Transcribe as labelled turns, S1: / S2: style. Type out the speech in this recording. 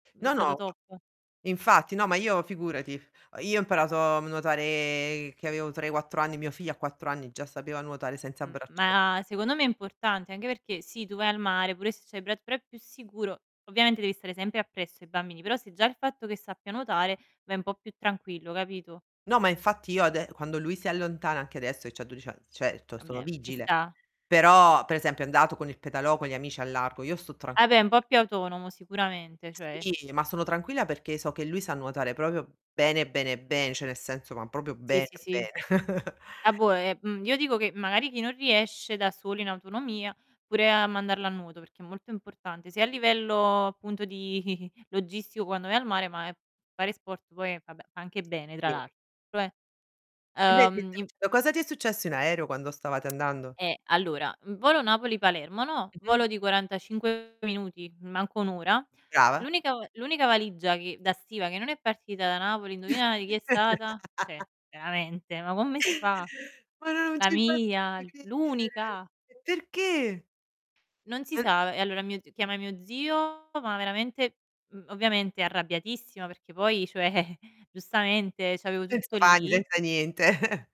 S1: È
S2: No no,
S1: stato
S2: ma
S1: top.
S2: infatti no, ma io figurati, uhm, io ho imparato a nuotare che avevo 3, 4 anni, mio figlio a 4 anni già sapeva nuotare senza
S1: Mhmm,
S2: braccio
S1: ma secondo me è importante anche perché, sì tu vai al mare, pure se c'hai i bra però è più sicuro, ovviamente devi stare sempre appresso ai bambini, però se già il fatto che sappia nuotare, vai un po' più tranquillo capito?
S2: No, ma infatti io ade quando lui si allontana, anche adesso che c'ha 12 ann certo
S1: Ah
S2: sono
S1: beh, ci
S2: vigile.
S1: sta.
S2: Però, per esempio è andato con il pedalò, con gli amici al largo, io sto
S1: Vabbè
S2: tranquilla
S1: un po' più autonomo sicuramente, cioè
S2: Sì, ma sono tranquilla perché so che lui sa nuotare proprio bene, bene, ben cioè nel senso, ma proprio
S1: Sì,
S2: bene
S1: sì, sì.
S2: bene.
S1: Ah boh è mhmm, io dico che magari chi non riesce da solo in autonomia, pure a mandarlo a nuoto, perché è molto importante, sia a livello appunto di logistico quando vai al mare ma è fare sport poi è vabbè fa anche bene tra
S2: Sì.
S1: l'altro eh,
S2: Invece
S1: uhm
S2: tu
S1: in
S2: piuttosto, cosa ti è successo in aereo quando stavate andando?
S1: Eh, allora, mhmm, volo Napoli, Palermo, no,
S2: Mh-mh.
S1: volo di 45 minuti, manca 1 ora.
S2: Brava.
S1: L'unica v l'unica valigia che da stiva, che non è partita da Napoli indovina di chi è stata, cioè veramente, ma come si fa,
S2: Ma no non
S1: la
S2: ci
S1: mia!
S2: posso credere!
S1: L'unica!
S2: Perché?
S1: Non si
S2: [unintelligible]
S1: sa e allora mio z chiamai mio zio, no ma veramente mhmm, ovviamente arrabbiatissima perché poi, cioè giustamente c'avevo tutto
S2: Senza pani,
S1: lì.
S2: senza niente.